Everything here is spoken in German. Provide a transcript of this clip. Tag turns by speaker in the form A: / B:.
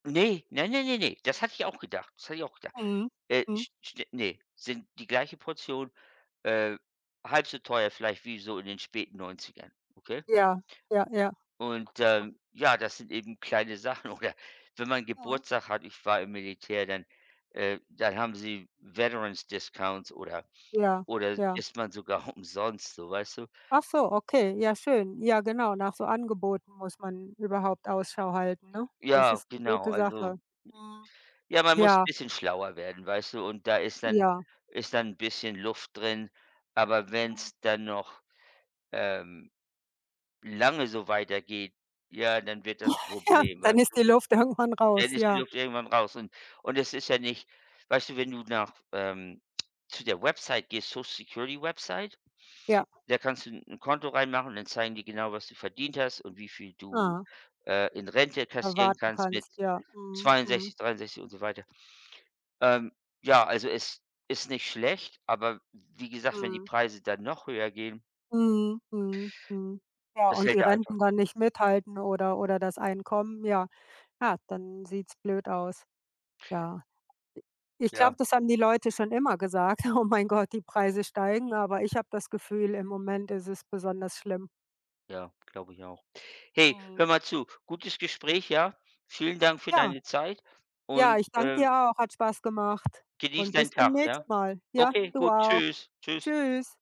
A: Ne. Ne, ne, ne, ne, das hatte ich auch gedacht, das hatte ich auch gedacht.
B: Mhm,
A: Äh,
B: mhm.
A: st ste ne, sind die gleiche Portion, äh, halb so teuer vielleicht wie so in den späten 90ern, okay?
B: Ja. Ja, ja.
A: Und, ähm, ja, das sind eben kleine Sachen. Oder, wenn man
B: Mhm.
A: Geburtstag hat, ich war im Militär, dann, äh dann haben sie Veterans Discounts oder
B: Ja,
A: oder
B: ja.
A: isst man sogar umsonst so, weißt du?
B: Ach so, okay, ja schön. Ja, genau, nach so Angeboten muss man überhaupt Ausschau halten, ne?
A: J
B: Das
A: ja,
B: ist 'ne
A: genau,
B: gute
A: also,
B: Sache. Mhm.
A: ja, man muss
B: Ja.
A: bisschen schlauer werden, weißt du? Und da ist dann
B: Ja.
A: ist dann 'n bisschen Luft drin, aber
B: Mhm.
A: wenn's dann noch, ähm, lange so weitergeht, ja, dann wird das
B: Ja,
A: Problem,
B: dann
A: weißt
B: ist die
A: du?
B: Luft irgendwann
A: Dann
B: raus,
A: ist die
B: ja.
A: Luft irgendwann raus und und es ist ja nicht weißt du, wenn du nach, ähm zu der Website gehst, Social-Security-Website,
B: Ja.
A: da kannst du 'n 'n Konto reinmachen und dann zeigen die genau, was du verdient hast und wie viel du,
B: Ah.
A: äh, in Rente kassieren
B: Erwarten
A: kannst mit
B: kannst, ja, mhm, mhm.
A: 62, 63 und so weiter. Ähm, ja, also, es ist nicht schlecht, aber wie gesagt, wenn die
B: Mhm.
A: Preise dann noch höher gehen
B: Mhm, mhm, mhm, ja,
A: das
B: und
A: hält
B: die
A: ja einfach
B: Renten dann nicht mithalten oder oder das Einkommen, ja. Ja, dann sieht's blöd aus. Ja. I ich glaube,
A: Ja.
B: das haben die Leute schon immer gesagt: „Oh mein Gott, die Preise steigen“, aber ich habe das Gefühl, im Moment ist es besonders schlimm.
A: Ja, glaube ich auch. Hey,
B: Mhm.
A: hör mal zu, gutes Gespräch, ja? Vielen Dank für
B: Ja.
A: deine Zeit
B: Ja,
A: und,
B: ich danke
A: ähm
B: dir auch. Hat Spaß gemacht
A: Genieß
B: und
A: deinen
B: bis
A: Tag,
B: demnächst
A: ja?
B: mal. Ja,
A: Okay,
B: du
A: gut,
B: auch.
A: tschüss, tschüss.
B: Tschüss.